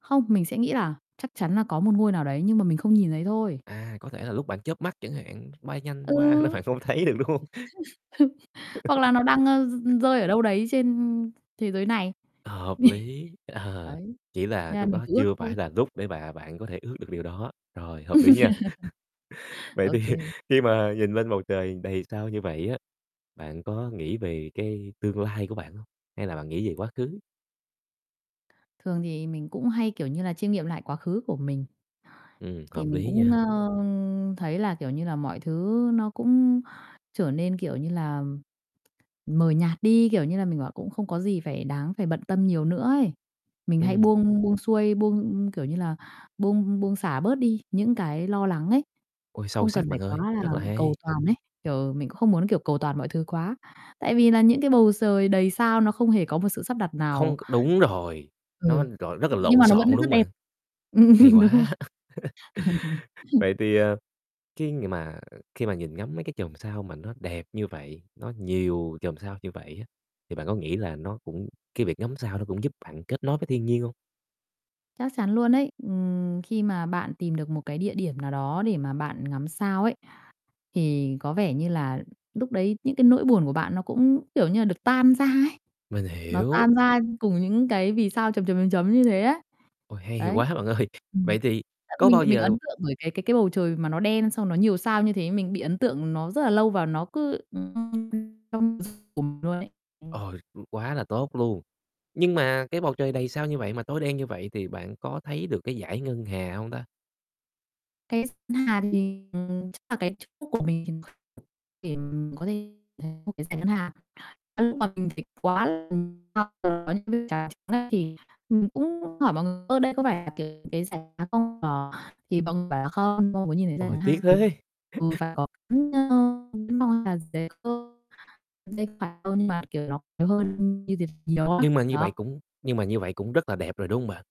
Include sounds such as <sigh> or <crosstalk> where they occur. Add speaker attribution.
Speaker 1: Không, mình sẽ nghĩ là chắc chắn là có một ngôi nào đấy nhưng mà mình không nhìn thấy thôi.
Speaker 2: À, có thể là lúc bạn chớp mắt chẳng hạn, bay nhanh
Speaker 1: Ừ.
Speaker 2: qua nên bạn không thấy được, đúng hông?
Speaker 1: <chuckles> Hoặc là
Speaker 2: <chuckles>
Speaker 1: nó đang, ơ, r rơi ở đâu đấy trên thế giới này.
Speaker 2: Hợp
Speaker 1: <chuckles>
Speaker 2: lý, ờ,
Speaker 1: Ấy,
Speaker 2: chỉ là
Speaker 1: nên là
Speaker 2: lúc
Speaker 1: mình
Speaker 2: đó
Speaker 1: cứ ước
Speaker 2: chưa
Speaker 1: thôi.
Speaker 2: phải là lúc để mà bạn có thể ước được điều đó, rồi, hợp lý nha. <chuckles>
Speaker 1: <chuckles>
Speaker 2: Vậy
Speaker 1: Ô
Speaker 2: thì
Speaker 1: kê.
Speaker 2: khi mà nhìn lên bầu trời đầy sao như vậy á, bạn có nghĩ về cái tương lai của bạn hông? Hay là bạn nghĩ về quá khứ?
Speaker 1: Thường thì mình cũng hay, kiểu như là, chiêm nghiệm lại quá khứ của mình.
Speaker 2: Ừm,
Speaker 1: Thì
Speaker 2: hợp
Speaker 1: mình
Speaker 2: lý
Speaker 1: cũng,
Speaker 2: nha.
Speaker 1: ơ, thấy là, kiểu như là, mọi thứ nó cũng trở nên, kiểu như là, mờ nhạt đi, kiểu như là, mình bảo cũng không có gì phải đáng phải bận tâm nhiều nữa ấy, mình hãy
Speaker 2: Ừm.
Speaker 1: buông buông xuôi, buông, kiểu như là, buông buông xả bớt đi những cái lo lắng ấy,
Speaker 2: Ôi, sâu
Speaker 1: không cần
Speaker 2: sắc
Speaker 1: phải
Speaker 2: bạn
Speaker 1: quá
Speaker 2: ơi,
Speaker 1: là
Speaker 2: rất là
Speaker 1: cầu
Speaker 2: hay.
Speaker 1: toàn ấy, kiểu, mình cũng không muốn, kiểu, cầu toàn mọi thứ quá tại vì nà những cái bầu trời đầy sao nó không hề có một sự sắp đặt
Speaker 2: Không
Speaker 1: nào.
Speaker 2: c đúng rồi, nó
Speaker 1: Ừ,
Speaker 2: rọi rất là
Speaker 1: nhưng
Speaker 2: lộn
Speaker 1: mà nó
Speaker 2: xộn,
Speaker 1: vẫn
Speaker 2: đúng hông
Speaker 1: rất
Speaker 2: bạn?
Speaker 1: đẹp,
Speaker 2: Hay
Speaker 1: <chuckles> đúng rồi.
Speaker 2: quá. <chuckles>
Speaker 1: <chuckles>
Speaker 2: Vậy thì, ờ, khi ng mà khi mà nhìn ngắm mấy cái chòm sao mà nó đẹp như vậy, nó nhiều chòm sao như vậy á, thì bạn có nghĩ là nó cũng cái việc ngắm sao nó cũng giúp bạn kết nối với thiên nhiên hông?
Speaker 1: Chắc chắn luôn ấy. Ừm, khi mà bạn tìm được một cái địa điểm nào đó để mà bạn ngắm sao ấy thì có vẻ như là lúc đấy những cái nỗi buồn của bạn nó cũng, kiểu như là, được tan ra ấy,
Speaker 2: Mình
Speaker 1: nó
Speaker 2: hiểu.
Speaker 1: tan ra cùng những cái vì sao chấm, chấm, chấm, chấm như thế ấy.
Speaker 2: Ôi, hay
Speaker 1: Đấy.
Speaker 2: quá bạn ơi.
Speaker 1: Ừm,
Speaker 2: Vậy thì
Speaker 1: <unintelligible>
Speaker 2: có
Speaker 1: mình
Speaker 2: bao
Speaker 1: mình
Speaker 2: giờ
Speaker 1: ấn tượng bởi cái cái cái bầu trời mà nó đen xong nó nhiều sao như thế, mình bị ấn tượng nó rất là lâu và nó cứ <unintelligible> trong s của m luôn ấy. Ừm.
Speaker 2: Ôi, quá là tốt luôn. Nhưng mà cái bầu trời đầy sao như vậy mà tối đen như vậy thì bạn có thấy được cái dải ngân hà hông ta?
Speaker 1: Cái d ngân hà thì, ừm, ừm, chắc là cái chỗ của mình thì <unintelligible> để m có thể thấy một cái dải ngân hà. Cái lúc mà mình phải quá <unintelligible> hoặc là có những cái trà trắng á thì mình cũng hỏi mọi người: "Ơ đây có phải là cái cái dải ngân hà không?" <unintelligible> Thì mọi người bảo là "Không, không có nhìn thấy dải
Speaker 2: Ôi,
Speaker 1: ngân
Speaker 2: tiếc
Speaker 1: hà."
Speaker 2: thế!
Speaker 1: Ừ, và
Speaker 2: <chuckles>
Speaker 1: có cái <unintelligible> ngân hà <unintelligible> nên phải hơn mà, kiểu, nó phải hơn như thế nhiều lắm,
Speaker 2: Nhưng mà như vậy
Speaker 1: đó.
Speaker 2: cũng nhưng mà như vậy cũng rất là đẹp rồi, đúng hông bạn?